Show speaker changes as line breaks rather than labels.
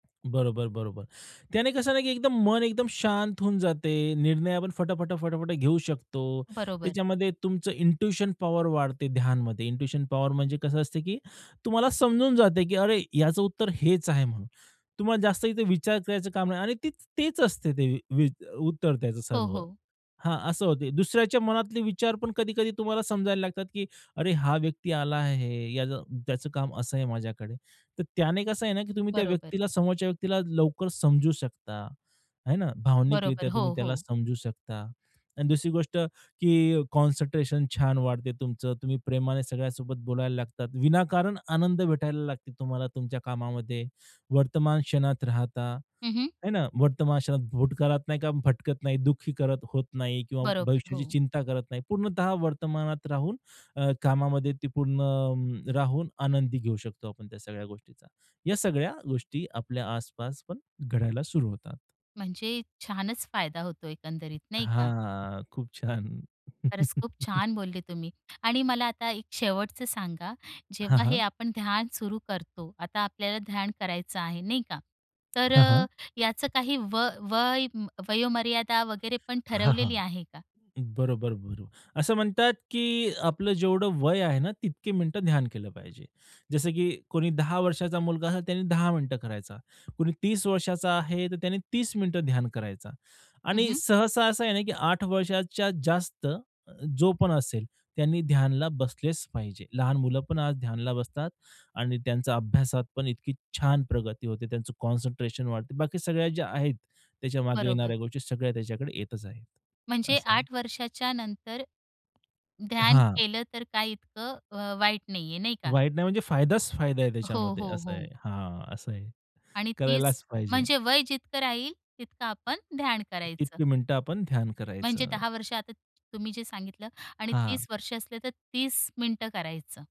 बरोबर, बरोबर. त्याने कसं ना, की एकदम मन एकदम शांत होऊन जाते. निर्णय आपण फटा, फटा, फटा, फटा घेऊ शकतो.
बरोबर.
त्याच्यामध्ये तुमचं इंट्युशन पॉवर वाढते ध्यानमध्ये. इंट्यूशन पॉवर म्हणजे कसं असते की तुम्हाला समजून जाते, की अरे ह्याचं उत्तर हेच आहे म्हणून. तुम्हाला जास्त इथे विचार करायचं काम नाही आणि ते तेच असते ते वी उत्तर त्याचं
हो,
सर्व.
हो.
हां, असं होते. दुसऱ्याच्या मनातले विचार पण कधी-कधी तुम्हाला समजायला लागतात, की "अरे हा व्यक्ती आला आहे, याला त्याचं काम असं आहे माझ्याकडे." तर त्याने कसं आहे ना, की तुम्ही त्या
बरोबर.
व्यक्तीला समोरच्या व्यक्तीला लवकर समजू शकता, हे ना. भावनिकरित्या
बरोबर.
तुम्ही
हो,
त्याला
हो.
समजू शकता. आणि दुसरी गोष्ट, की कॉन्सन्ट्रेशन छान वाढते तुमचं. तुम्ही प्रेमाने सगळ्यांसोबत बोलायला लागतात. विनाकारण आनंद भेटायला लागते तुम्हाला तुमच्या कामामध्ये. वर्तमान क्षणात राहता,
हं, हं.
हे ना. वर्तमान क्षणात, भूतकाळात नाही का भटकत नाही दुःखी करत होत नाही किंवा
बरोबर,
भविष्याची
हो.
चिंता करत नाही. पूर्णतः वर्तमानात राहून अ, कामामध्ये ती पूर्ण राहून आनंदी घेऊ शकतो आपण त्या सगळ्या गोष्टीचा. या सगळ्या गोष्टी आपल्या आसपास पण घडायला सुरू होतात.
म्हणजे छानच फायदा होतो एकंदरीत, नाही का.
हां. खूप छान.
खरंच खूप छान बोलले तुम्ही आणि मला आता एक शेवटचं सांगा,
हां,
जेव्हा हे
हां.
आपण ध्यान सुरू करतो, आता आपल्याला ध्यान करायचं आहे नाही का. तर
हां, हां.
अ, याचं काही व वय वयोमर्यादा वगैरे पण
हां,
ठरवलेली
हां.
आहे का?
बरोबर, बरोबर. असं म्हणतात, की आपलं जेवढं वय आहे ना, तितके मिनिटं ध्यान केलं पाहिजे. जसं की कुणी 10 वर्षाचा मुलगा आहे, त्याने 10 मिनिटं करायचा, कुणी 30 वर्षाचा आहे, तर त्याने 30 मिनिटं ध्यान करायचा.
हं,
आणि
हं.
सहसा असं आहे ना, की 8 वर्षाच्या जास्त जो पण असेल, त्यांनी ध्यानला बसलेच पाहिजे. लहान मुलं पण आज ध्यानाला बसतात आणि त्यांचा अभ्यासात पण इतकी छान प्रगती होते. त्यांचं कॉन्सन्ट्रेशन वाढते. बाकी सगळ्या ज्या आहेत, त्याच्या मागे
बरोबर.
येणाऱ्या गोष्टी सगळ्या त्याच्याकडे येतच आहेत.
म्हणजे
असं.
8 वर्षाच्यानंतर ध्यान
हां.
केलं तर काही इतकं अ, वाईट नाहीये, नाही का?
वाईट नाही, म्हणजे फायदाच फायदा आहे
हो,
त्याच्यामध्ये
हो,
असं आहे.
हो.
हां, असं आहे.
आणि 30
करायलाच पाहिजे.
म्हणजे वय जितकं राहील, तितकं आपण ध्यान करायचं.
तितकी मिनिटं आपण ध्यान
म्हणजे
करायचं.
10 वर्ष आता तुम्ही जे सांगितलं आणि
हां.
30 वर्ष असले, तर 30 मिनिटं करायचं.